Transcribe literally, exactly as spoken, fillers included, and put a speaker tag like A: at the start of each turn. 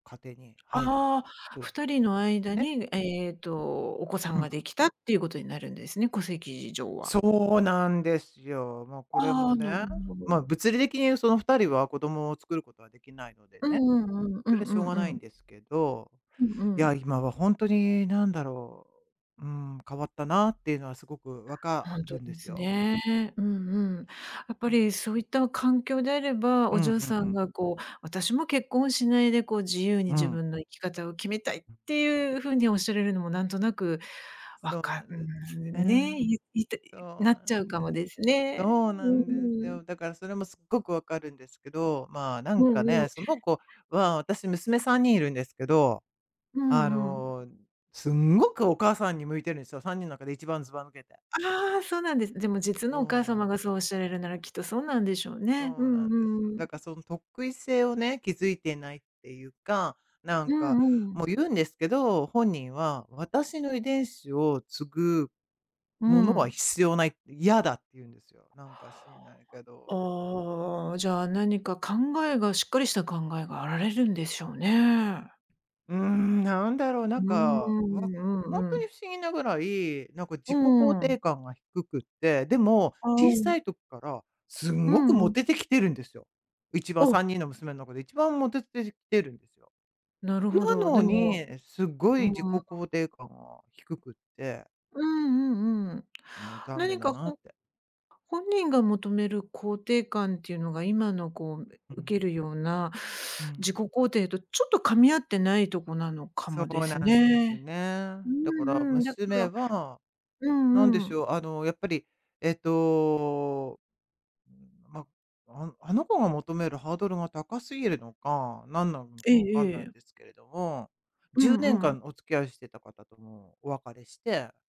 A: 家庭に入る、
B: ああ、
A: と
B: ふたり
A: ゆう
B: の
A: ことで
B: 間
A: ね。
B: に、えっとお子さ
A: う
B: ん
A: んうん。
B: ができたっていうことになるんですね、戸籍上は。
A: そうなんですよ。ま、これ
B: あ
A: も
B: あ、なる
A: ね、
B: ほど。
A: ま、物理的にそのふたりは子供を作ることはできないので
B: う
A: ね、
B: んうんうん、う
A: それしょう
B: ん
A: が
B: う
A: な
B: んう
A: いん
B: ん。
A: ですけど、
B: うん
A: い
B: う
A: や、
B: ん。
A: 今はほんとになんだろう、うん、変わったなっていうのはすごくわか
B: ほんと
A: るんで
B: で
A: す
B: す
A: よ。
B: ね、うんうん。やっぱ
A: うん。
B: りそういった環境であれば、
A: う
B: お
A: ん、うん
B: 嬢さ
A: う
B: ん
A: ん。
B: がこう、私も結婚しないで、こう自由に
A: う
B: 自
A: ん。
B: 分の生き方を決めたいって、いうふうにおっしゃらるのもなんとなく、わ
A: そうな
B: か
A: んです、
B: ん、
A: ね。
B: ね、ゆ言いたい
A: そ
B: な
A: う
B: っ
A: な
B: ちゃう
A: ん
B: かも
A: です。
B: ですね、
A: そう
B: うん
A: なんで
B: うん
A: す
B: うん。
A: よ、だからそれもすっごくわかるんですけど、まあ、なん
B: よ
A: か
B: うよ
A: ね、
B: う。
A: その子は私娘さんにんいるんですけど、
B: う
A: あ
B: んうん。
A: の、すんごくお母さんに向いてるんすよ、さんにんの中で一番ずば抜けて。
B: ああ！そうなんです。でも実
A: そ
B: のお
A: う
B: 母
A: な
B: 様が
A: ん
B: そうおっしゃれるなら、きっとそうなんでしょうね、う
A: そう
B: ん
A: な
B: う
A: んです。
B: んうん。
A: だか、その特異性をね、気づいてないっていうか、なん
B: う
A: か
B: んうん。
A: もう、言うんですけど、本人は、「私の遺伝子を継ぐ
B: う
A: ものは
B: ん。
A: 必要ない」って、「嫌だ」って言うんですよ、なんか知んないけど。
B: ああ、じゃあ何か考えがしっかりした考えがあられるんでしょうね。
A: うん、なんだろう、なんか、わ
B: [unintelligible] あ、
A: ほん
B: う
A: とに
B: ん。
A: 不思議なぐらい、なんか自
B: う
A: 己
B: んう
A: 肯
B: んう
A: 定
B: ん。
A: 感が低くって、でも、
B: あ、
A: 小
B: う
A: さ
B: ん。
A: い時からすん
B: う
A: ごく
B: ん
A: モ
B: うん。
A: テてきてるんですよ、一番、さん
B: お！
A: にんの娘の中で一番モテてしてるんすよ。
B: なるほ
A: な
B: ど。
A: の
B: でも
A: に、すご
B: う
A: い
B: ん
A: 自己
B: うん。
A: 肯定感が低くて
B: うんうんうん。
A: も、残念
B: 何
A: だ
B: か
A: なっ
B: ほ
A: て。
B: 本人が求める肯定感っていうのが今のこう、え
A: う
B: 受け
A: ん。
B: るような、
A: う
B: 自己
A: ん。
B: 肯定とちょっと噛み合ってないとこなのか
A: そ
B: もで
A: うな
B: す
A: んです
B: ね、
A: ね。
B: う
A: だか
B: ん
A: ら
B: うん。だか
A: 娘
B: ら
A: は、
B: う
A: なんで
B: んう
A: し
B: ん。
A: ょう、あの、やっぱり、えっとー、ま、ああの子が求めるハードルが高すぎるのか、なんなの
B: え
A: か分か
B: え
A: んない
B: え
A: ん
B: え。
A: ですけれども、
B: う
A: じゅうねん
B: んう
A: か
B: ん。
A: んお付き合いしてた方ともお別れして